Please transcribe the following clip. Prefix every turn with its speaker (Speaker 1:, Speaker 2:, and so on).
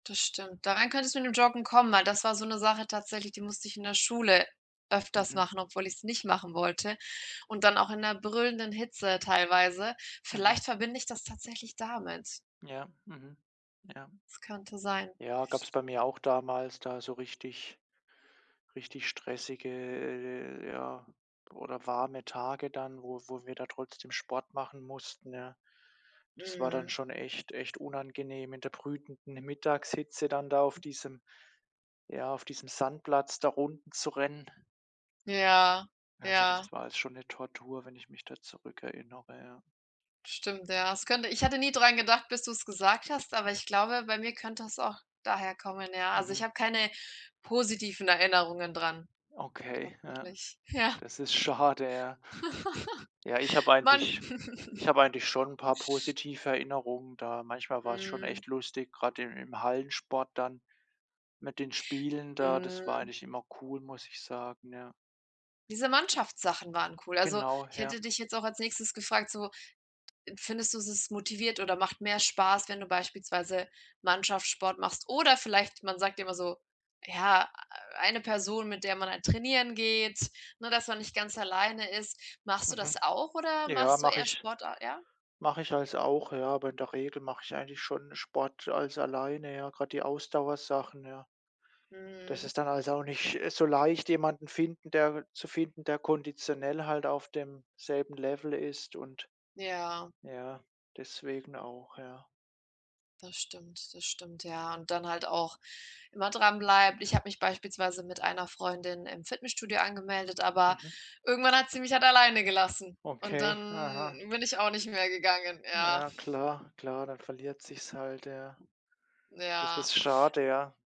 Speaker 1: Das stimmt. Darein könntest du mit dem Joggen kommen, weil das war so 'ne Sache tatsächlich, die musste ich in der Schule öfters
Speaker 2: Mhm.
Speaker 1: machen, obwohl ich es nicht machen wollte, und dann auch in 'ner brüllenden Hitze teilweise.
Speaker 2: Mhm.
Speaker 1: Vielleicht verbinde ich das tatsächlich damit.
Speaker 2: Ja, mhm. Ja.
Speaker 1: Das könnte sein.
Speaker 2: Ja, gab's bei mir auch damals da so richtig richtig stressige, äh äh ja, oder warme Tage dann, wo wo wir da trotzdem Sport machen mussten, ja. Das war dann
Speaker 1: Mhm.
Speaker 2: schon echt echt unangenehm in der brütenden Mittagshitze, dann da auf diesem ja, auf diesem Sandplatz da Runden zu rennen.
Speaker 1: Ja,
Speaker 2: Also,
Speaker 1: ja.
Speaker 2: das war alles schon 'ne Tortur, wenn ich mich da zurückerinnere, ja.
Speaker 1: Stimmt, ja. Es könnte ich hatte nie dran gedacht, bis du's gesagt hast, aber ich glaube, bei mir könnte das auch daher kommen, ja. Also,
Speaker 2: Mhm.
Speaker 1: ich habe keine positiven Erinnerungen dran,
Speaker 2: Okay, ja.
Speaker 1: tatsächlich. Ja.
Speaker 2: Das ist schade, ja. Ja, ich habe
Speaker 1: Mann
Speaker 2: eigentlich ich habe eigentlich schon 'n paar positive Erinnerungen da. Manchmal war es schon
Speaker 1: Mhm.
Speaker 2: echt lustig, grade im im Hallensport dann mit den Spielen da, das war
Speaker 1: Mhm.
Speaker 2: eigentlich immer cool, muss ich sagen, ja.
Speaker 1: Diese Mannschaftssachen waren cool. Also,
Speaker 2: Genau,
Speaker 1: ich
Speaker 2: ja.
Speaker 1: hätte dich jetzt auch als Nächstes gefragt so: „Findest du, es ist motiviert oder macht mehr Spaß, wenn du beispielsweise Mannschaftssport machst?” oder vielleicht, man sagt immer so: „Ja, eine Person, mit der man halt trainieren geht, ne dass man nicht ganz alleine ist.” Machst du
Speaker 2: Mhm.
Speaker 1: das auch oder
Speaker 2: Ja,
Speaker 1: machst du
Speaker 2: mache
Speaker 1: eher
Speaker 2: ich
Speaker 1: Sport a ja?
Speaker 2: mache ich alles auch, ja, aber in der Regel mache ich eigentlich schon Sport alles alleine, ja, grade die Ausdauersachen, ja. Das
Speaker 1: Mhm.
Speaker 2: ist dann halt auch nicht so leicht, jemanden finden, der zu finden, der konditionell halt auf demselben Level ist, und
Speaker 1: Ja.
Speaker 2: ja, deswegen auch, ja.
Speaker 1: Das stimmt. Das stimmt, ja, und dann halt auch immer dranbleibt. Ich habe mich beispielsweise mit einer Freundin im Fitnessstudio angemeldet, aber
Speaker 2: Mhm.
Speaker 1: irgendwann hat sie mich halt alleine gelassen und
Speaker 2: Okay,
Speaker 1: dann
Speaker 2: aha.
Speaker 1: bin ich auch nicht mehr gegangen. Ja.
Speaker 2: Ja klar klar, dann verliert es sich halt, ja. Das
Speaker 1: Ja.
Speaker 2: ist schade, ja.